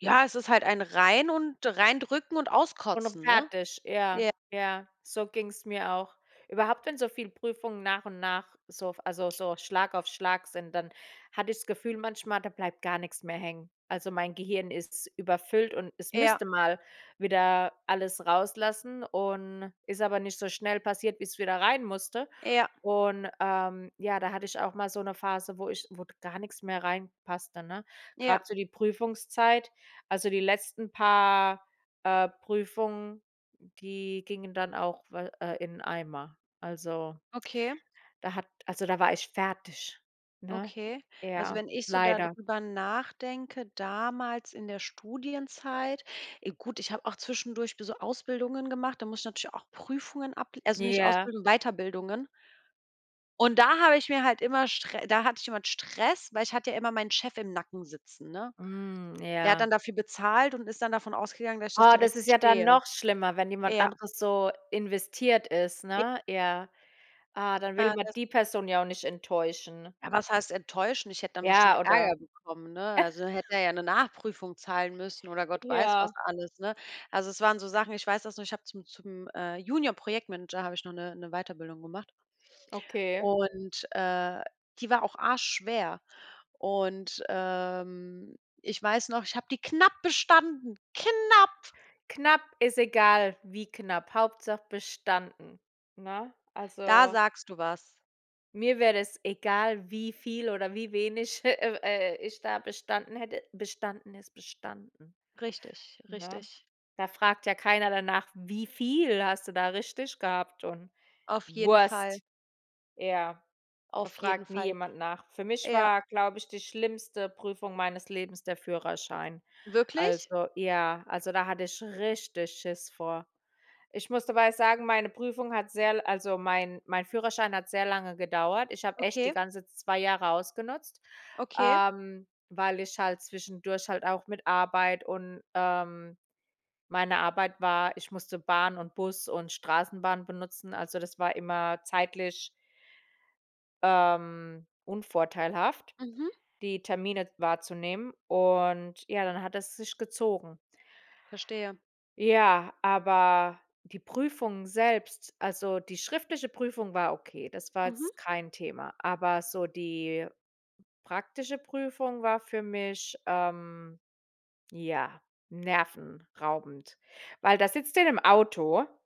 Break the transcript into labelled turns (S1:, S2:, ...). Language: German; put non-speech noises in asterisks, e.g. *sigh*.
S1: Ja, es ist halt ein rein und reindrücken und auskotzen, ne?
S2: *unintelligible* ,ja,
S1: J
S2: ja, so ging's mir auch. Überhaupt, wenn so viele Prüfungen nach und nach so f also so Schlag auf Schlag sind, dann hatte ich das Gefühl manchmal, da bleibt gar nix mehr hängen. Also mein Gehirn ist überfüllt und es
S1: Ja.
S2: müsste mal wieder alles rauslassen und ist aber nicht so schnell passiert, wie's wieder reinmusste
S1: Ja.
S2: und, ähm ja, da hatte ich auch mal so 'ne Phase, wo ich wo gar nix mehr reinpasste, ne?
S1: Ja.
S2: Grad so die Prüfungszeit also die letzten paar, äh, Prüfungen, die gingen dann auch we äh, in den Eimer. Also
S1: Okay.
S2: da hat also da war ich fertig, ne,
S1: Okay. Also
S2: ja
S1: wenn ich so da
S2: leider.
S1: drüber nachdenke damals in der Studienzeit, e gut, ich habe auch zwischendurch be so Ausbildungen gemacht. Da muss ich natürlich auch Prüfungen able also nicht
S2: Ja.
S1: Ausbildung, Weiterbildungen. Und da habe ich mir halt immer str da hatte ich immer Stress, weil ich hatte ja immer meinen Chef im Nacken sitzen, ne?
S2: Hm.
S1: Der hat
S2: Ja.
S1: dann dafür bezahlt und ist dann davon ausgegangen, dass ich das
S2: Oh, das
S1: direkt
S2: ist ja dann
S1: bestehe.
S2: noch schlimmer, wenn jemand
S1: Ja.
S2: anderes so investiert ist,
S1: J
S2: ne? Ja. Ah, dann will
S1: Äh,
S2: man
S1: das
S2: die Person ja auch nicht enttäuschen.
S1: Ah was heißt enttäuschend? Ich hätte dann bestimmt
S2: Ja, oder?
S1: Ärger bekommen, ne? Also,
S2: *chuckles*
S1: hätte er ja 'ne Nachprüfung zahlen müssen oder Gott weiß was
S2: Ja.
S1: alles, ne? Also es waren so Sachen, ich weiß das noch, ich habe zum zum, äh, Junior Projektmanager habe ich noch 'ne 'ne Weiterbildung gemacht
S2: Okay.
S1: und, äh, die war auch Arsch schwer und, ähm, ich weiß noch, ich habe die knapp bestanden, knapp.
S2: Knapp ist egal, wie knapp, Hauptsache bestanden. Ne,
S1: Da
S2: also
S1: sagst du was.
S2: mir wäre das egal, wie viel oder wie wenig he eh, äh, ich da bestanden hätte, bestanden ist bestanden,
S1: Richtig,
S2: ne?
S1: richtig.
S2: Da fragt ja keiner danach: „Wie viel hast du da richtig gehabt“ und
S1: Auf jeden Fall.
S2: Wurst. Ja, da
S1: Auf jeden
S2: fragt nie
S1: Fall.
S2: jemand nach. Für mich
S1: Ja.
S2: war, glaube ich, die schlimmste Prüfung meines Lebens der Führerschein.
S1: Wirklich?
S2: Also ja, also da hatte ich richtig Schiss vor. Ich muss dabei sagen, meine Prüfung hat sehr l also mein mein Führerschein hat sehr lange gedauert. Ich habe echt die
S1: Okay.
S2: ganze 2 Jahre ausgenutzt,
S1: Okay.
S2: ähm, weil ich halt zwischendurch halt auch mit Arbeit und ähm, meine Arbeit war ich musste Bahn und Bus und Straßenbahn benutzen. Also das war immer zeitlich ähm, unvorteilhaft,
S1: Mhm.
S2: die Termine wahrzunehmen und ja, dann hat es sich gezogen.
S1: Verstehe.
S2: Ja, aber die Prüfungen selbst also die schriftliche Prüfung war okay, das war
S1: Mhm.
S2: jetzt kein Thema. Aber so die praktische Prüfung war für mich, ähm ja, nervenraubend. Weil da sitzt du ja in 'nem Auto